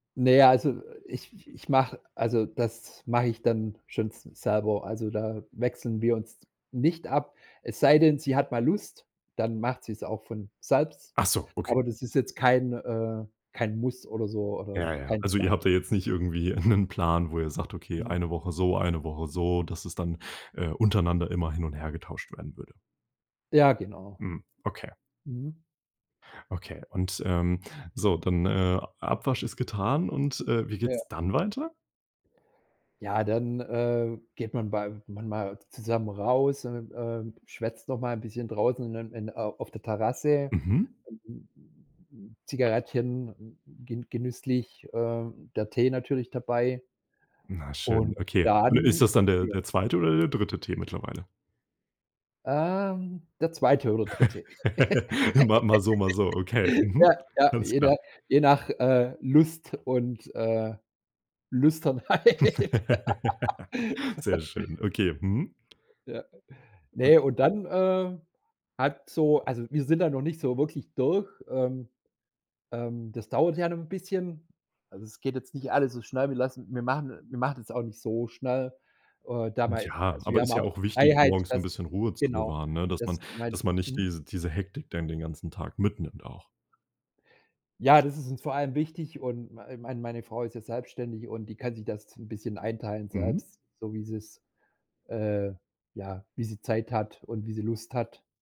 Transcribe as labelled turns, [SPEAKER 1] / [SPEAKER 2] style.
[SPEAKER 1] Ne, also ich ich mach also das mache ich dann schon s selber. Also, da wechseln wir uns nicht ab. Es sei denn, sie hat mal Lust, dann macht sie's auch von selbst.
[SPEAKER 2] Ach so, okay.
[SPEAKER 1] Aber das ist jetzt kein, äh, kein Muss oder so oder
[SPEAKER 2] Ja, ja.
[SPEAKER 1] kein
[SPEAKER 2] Also ihr
[SPEAKER 1] Zwang.
[SPEAKER 2] habt da jetzt nicht irgendwie 'nen Plan, wo ihr sagt: „Okay,
[SPEAKER 1] Mhm.
[SPEAKER 2] 1 Woche so, 1 Woche so“, dass es dann, äh, untereinander immer hin und her getauscht werden würde.
[SPEAKER 1] Ja, genau.
[SPEAKER 2] Mhm. Okay.
[SPEAKER 1] Mhm.
[SPEAKER 2] Okay. Und, ähm, so, dann, äh, A Abwasch ist getan und, äh, wie
[SPEAKER 1] Ja.
[SPEAKER 2] geht's dann weiter?
[SPEAKER 1] Ja, dann, äh, geht man bei manchmal zusammen raus und, ähm, schwätzt noch mal 'n bisschen draußen in dann in in au auf der Terrasse.
[SPEAKER 2] Mhm.
[SPEAKER 1] Zigarettchen gen genüsslich, ähm, der Tee natürlich dabei.
[SPEAKER 2] Na schön,
[SPEAKER 1] Und
[SPEAKER 2] okay. Und ist
[SPEAKER 1] dann
[SPEAKER 2] das dann der
[SPEAKER 1] der
[SPEAKER 2] der zweite oder der dritte Tee mittlerweile?
[SPEAKER 1] Ähm, der 2. oder 3..
[SPEAKER 2] Immer mal so, mal so, okay. Mhm.
[SPEAKER 1] Ja, ja,
[SPEAKER 2] Alles
[SPEAKER 1] je
[SPEAKER 2] klar.
[SPEAKER 1] nach je nach, äh, Lust und, äh, Lüsternheit.
[SPEAKER 2] Sehr schön. Okay. Mhm.
[SPEAKER 1] Ja. Ne, und dann, äh, hat so also, wir sind da noch nicht so wirklich durch. Ähm ähm, das dauert ja noch 'n bisschen. Also, es geht jetzt nicht alles so schnell. Wir lassen wir machen wir machen das auch nicht so schnell. Äh, da mal,
[SPEAKER 2] Ja.
[SPEAKER 1] also wir
[SPEAKER 2] Aber
[SPEAKER 1] haben
[SPEAKER 2] ist ja
[SPEAKER 1] auch
[SPEAKER 2] auch wichtig,
[SPEAKER 1] Freiheit,
[SPEAKER 2] morgens 'n
[SPEAKER 1] dass
[SPEAKER 2] bisschen Ruhe zu
[SPEAKER 1] genau,
[SPEAKER 2] bewahren, ne? Dass
[SPEAKER 1] das
[SPEAKER 2] man
[SPEAKER 1] meint
[SPEAKER 2] dass man nicht
[SPEAKER 1] mhm.
[SPEAKER 2] dies diese Hektik dann den ganzen Tag mitnimmt auch.
[SPEAKER 1] Ja, das ist uns vor allem wichtig und mei äh, mein meine Frau ist ja selbstständig und die kann sich das 'n bisschen einteilen
[SPEAKER 2] Mhm.
[SPEAKER 1] selbst, so wie sie's äh, ja, wie sie Zeit hat und wie sie Lust hat.